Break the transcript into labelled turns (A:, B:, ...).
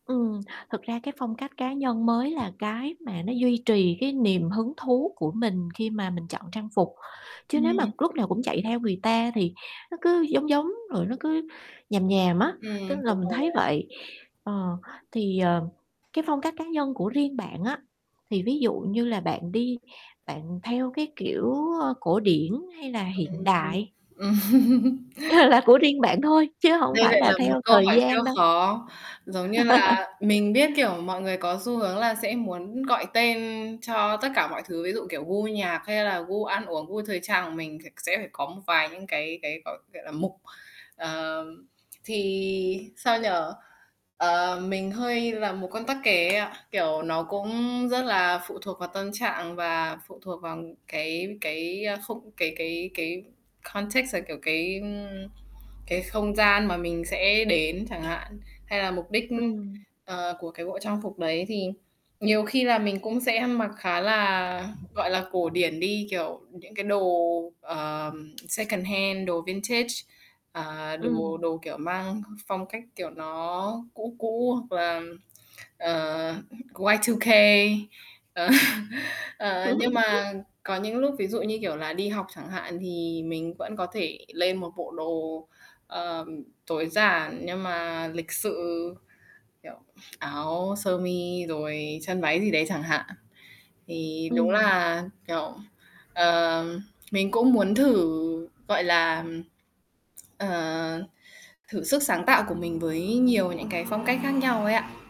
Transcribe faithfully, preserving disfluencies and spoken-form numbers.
A: Ừm, thực ra cái phong cách cá nhân mới là cái mà nó duy trì cái niềm hứng thú của mình khi mà mình chọn trang phục, chứ nếu mà
B: Ừm.
A: lúc nào cũng chạy theo người ta thì nó cứ giống giống, rồi nó cứ nhàm nhàm á, tức
B: Ừm,
A: là
B: đúng
A: mình
B: rồi
A: thấy
B: đó.
A: vậy. Ờ, thì, ờ, cái phong cách cá nhân của riêng bạn á, thì ví dụ như là bạn đi bạn theo cái, kiểu, ơ, cổ điển hay là hiện
B: Ừm hưm,
A: đại?
B: ừm.
A: Ờ, là của riêng bạn thôi, chứ hổng
B: Đây
A: phải
B: lại
A: là
B: là một
A: theo
B: câu
A: thời
B: hỏi siêu
A: gian đâu.
B: khó. Giống như là mình biết, kiểu, mọi người có xu hướng là sẽ muốn gọi tên cho tất cả mọi thứ, ví dụ, kiểu, gu nhạc hay là gu ăn uống, gu thời trang của mình thì sẽ phải có một vài những cái cái, gọi gọi là, mục. Ờ, thì, sao nhỉ, ờ, mình hơi là một con tắc kè ấy ạ, kiểu, nó cũng rất là phụ thuộc vào tâm trạng và phụ thuộc vào cái cái, ơ, không cái cái cái contexts, là, kiểu, cái, ưm, cái không gian mà mình sẽ đến chẳng hạn, hay là mục đích, ưm,
A: Ừm.
B: ờ, của cái bộ trang phục đấy. Thì nhiều khi là mình cũng sẽ mặc khá là, gọi là, cổ điển đi, kiểu, những cái đồ, ờm, secondhand, đồ vintage, à, đồ
A: Ừm.
B: đồ, kiểu, mang phong cách, kiểu, nó cũ cũ hoặc là, ờ, Y-Two-K. Ờ, ờ, nhưng mà có những lúc ví dụ như, kiểu, là đi học chẳng hạn thì mình vẫn có thể lên một bộ đồ, ờm, tối giản nhưng mà lịch sự, kiểu, áo sơ mi rồi chân váy gì đấy chẳng hạn. Thì đúng
A: Ừm.
B: là, kiểu, ờ, mình cũng muốn thử, gọi là, ờ, thử sức sáng tạo của mình với nhiều những cái phong cách khác nhau ấy ạ.